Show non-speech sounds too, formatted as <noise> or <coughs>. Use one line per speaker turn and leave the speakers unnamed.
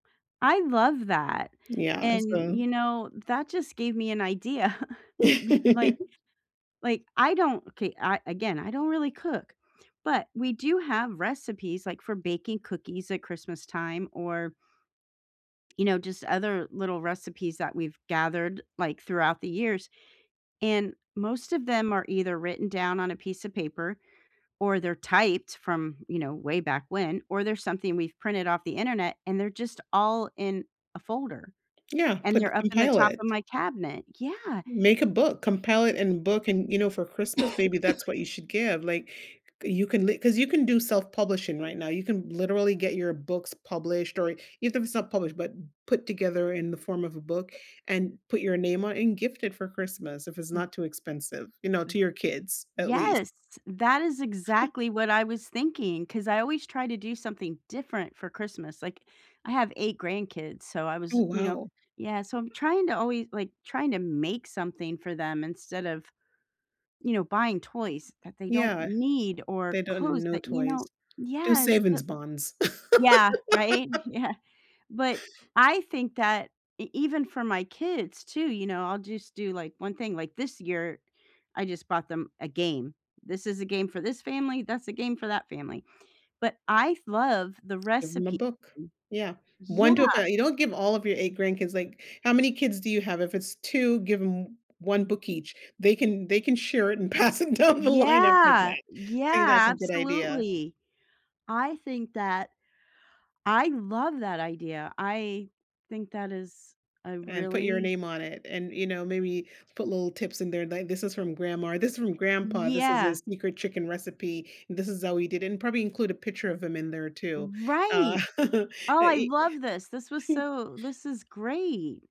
I love that,
Yeah,
and
so
you know, that just gave me an idea, <chuckles> like
<laughs>
like, I don't, okay I again, I don't really cook, but we do have recipes, like, for baking cookies at Christmas time, or you know, just other little recipes that we've gathered, like, throughout the years, and most of them are either written down on a piece of paper, or they're typed from, you know way back when, or they're something we've printed off the internet, and they're just all in a folder,
Yeah.
and
Put
they're up in the
compile
top of
it.
my cabinet, yeah
Make a book, compile it and book, and, you know, for Christmas, maybe that's
<coughs>
what you should give, like, you can li 'cause you can do self-publishing right now, you can literally get your books published or even if it's not published, but put together in the form of a book and put your name on and gift it for Christmas if it's
M
not too expensive, you know,
M
to your kids at least.
Yes! That is
<chuckles>
exactly what I was thinking, 'cause I always try to do something different for Christmas, like, I have 8 grandkids, so I was,
Oh,
you know
wow.
yeah, so I'm trying to alway like, trying to make something for them instead of, you know, buying toys that they don't
Yeah.
need, or
They don't
clothes
no
that, you
toys.
know
Do
Yes, the
savings bonds.
Yeah. Right,
<laughs>
yeah But I think that e even for my kids too, you know, I'll just do, like, 1 thing, like, this year, I just bought them a game, "This is a game for this family, that's a game for that family." But I've love the
Give 'em a
recipe
book.
<unintelligible>
Yeah,
Yeah.
1 to a fa you don't give all of your 8 grandkids, like how many kids do you have? If it's 2, give 'em 1 book each. They can they can share it and pass it down the line after
Yeah,
that. I think
yeah,
that's a good idea.
absolutely. I think that I love that idea, I think that is a
And put your
really
name on it and, you know, maybe put little tips in there, like, "This is from grandma, this is from grandpa. This is a
Yeah.
sneaker chicken recipe, and this is how we did it." And probably include a picture of him in there too, uh,
Right.
<chuckles> uh,
Oh, I
e
love this, this was
<chuckles>
so this is great.